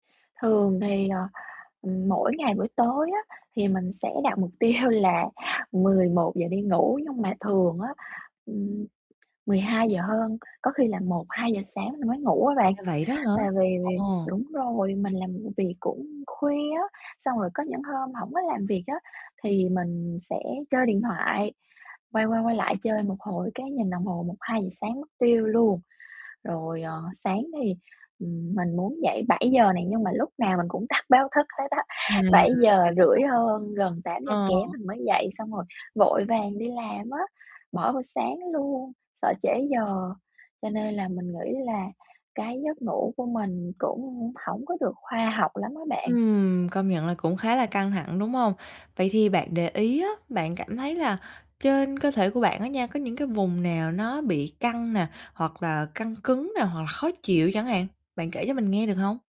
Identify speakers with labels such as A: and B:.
A: Thường thì, ờ, ừm, mỗi ngày buổi tối á, thì mình sẽ đặt mục tiêu là 11:00 đi ngủ nhưng mà thường á, ừm, mười hai giờ hơn, có khi là 1:00-2:00 sáng mới ngủ á bạn,
B: À, vậy đó hả?
A: và vì vì
B: Ờ.
A: đúng rồi, mình làm v việc cũng khuya á, xong rồi có những hôm hổng có làm việc á, thì mình sẽ chơi điện thoại, quay qua quay lại chơi một hồi cái nhìn đồng hồ 1:00-2:00 sáng mất tiêu luôn. Rồi, ờ, sáng thì, ừm, mình muốn dậy 7:00 nè, nhưng mà lúc nào mình cũng tắt báo thức hết á,
B: À, ra là
A: bảy giờ
B: vậy.
A: rưỡi hơn, gần tám giờ
B: Ờ.
A: kém mình mới dậy xong rồi vội vàng đi làm á, bỏ bữa sáng luôn, sợ trễ giờ, cho nên là mình nghĩ là cái giấc ngủ của mình cũng hổng có được khoa học lắm á bạn.
B: Ừm, công nhận là cũng khá là căng thẳng, đúng hông? Vậy thì bạn để ý á, bạn cảm thấy là trên cơ thể của bạn á nha có những cái vùng nào nó bị căng nè, hoặc là căng cứng nè hoặc là khó chịu chẳng hạn, bạn kể cho mình nghe được hông?